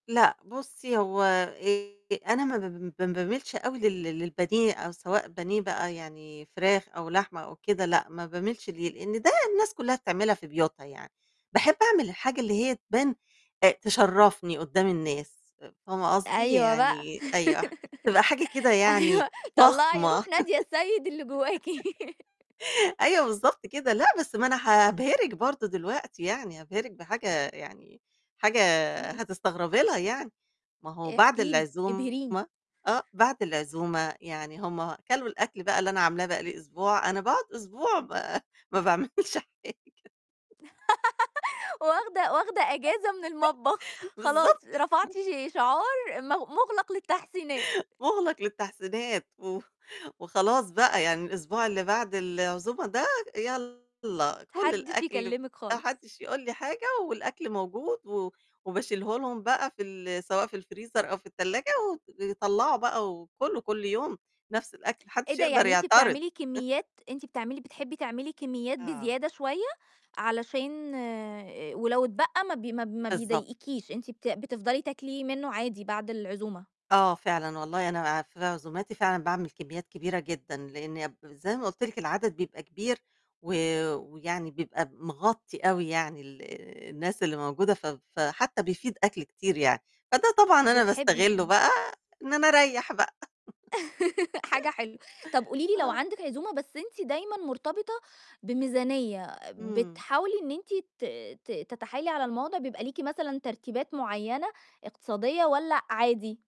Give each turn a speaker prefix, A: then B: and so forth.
A: لأ، بُصّي هو آآ أنا ما ب ما ب ما باميلش أوي لل للبانيه، أو سواء بانيه بقى يعني فراخ أو لحمة أو كده، لأ، ما باميلش ليه، لأن ده الناس كلّها بتعملها في بيوتنا يعني، باحب أعمل الحاجة اللي هي تبان أ تشرفني قدّام الناس، فاهمة قصدي؟
B: أيوه بقى
A: يعني أيوه، تبقى حاجة كده يعني
B: أيوه، طلّعي
A: فخمة.
B: روح نادية السيد اللي جواكِ.
A: أيوه، بالضبط كده، لأ، بس ما أنا هابهرك برضه دلوقتي يعني، هابهرك بحاجة يعني حاجة
B: امم.
A: هتستغربي لها يعني، ما هو بعد
B: احكي لي،
A: العزومة
B: ابهريني.
A: آه، بعد العزومة يعني هم كلوا الأكل بقى اللي أنا عاملاه بقى لي أسبوع، أنا باقعد أسبوع ما ما باعملش حاجة.
B: واخدة واخدة إجازة من المطبخ، خلاص
A: بالضبط.
B: رفعتِ شعار مغ مُغلق للتحسينات.
A: مُغلق للتحسينات، و وخلاص بقى يعني الأسبوع اللي بعد العزومة ده يالّا كُل
B: حدش
A: الأكل،
B: يكلمِك
A: ما
B: خالص.
A: حدش يقول لي حاجة، والأكل موجود، و وباشيله لهم بقى في ال سواء في الfreezer أو في التلاجة، وطلّعوا بقى وكلوا كلّ يوم نفس الأكل، ما
B: إيه
A: حدش
B: ده!
A: يقدر
B: يعني أنتِ
A: يعترض.
B: بتعملي كميات أنتِ بتعملي بتحبي تعملي كميات
A: آه
B: بزيادة شوية، علشان ولو اتبقى ما ب ما ب ما
A: بالضبط.
B: بيضايقكيش، أنتِ بت بتفضلي تاكلي منه عادي بعد العزومة.
A: آه، فعلًا، والله أنا في عزوماتي فعلًا باعمل كميات كبيرة جدًا، لإن زَي ما قُلت لِك العدد بيبقى كبير، و ويعني بيبقى مغطي أوي، يعني ال الناس اللي موجودة، ف فحتى بيفيض أكل كتير يعني، فده طبعًا أنا
B: بتحبي
A: باستغله
B: دايمًا.
A: بقى إن أنا أريّح بقى.
B: حاجة حلوة، طب قولي لي لو
A: آه.
B: عندِك عزومة، بس أنتِ دايمًا مرتبطة بميزانية،
A: امم.
B: بتحاولي إن أنتِ ت ت تتحايلي على الموضع، بيبقى ليكِ مثلًا ترتيبات معيّنة اقتصادية، والّا عادي؟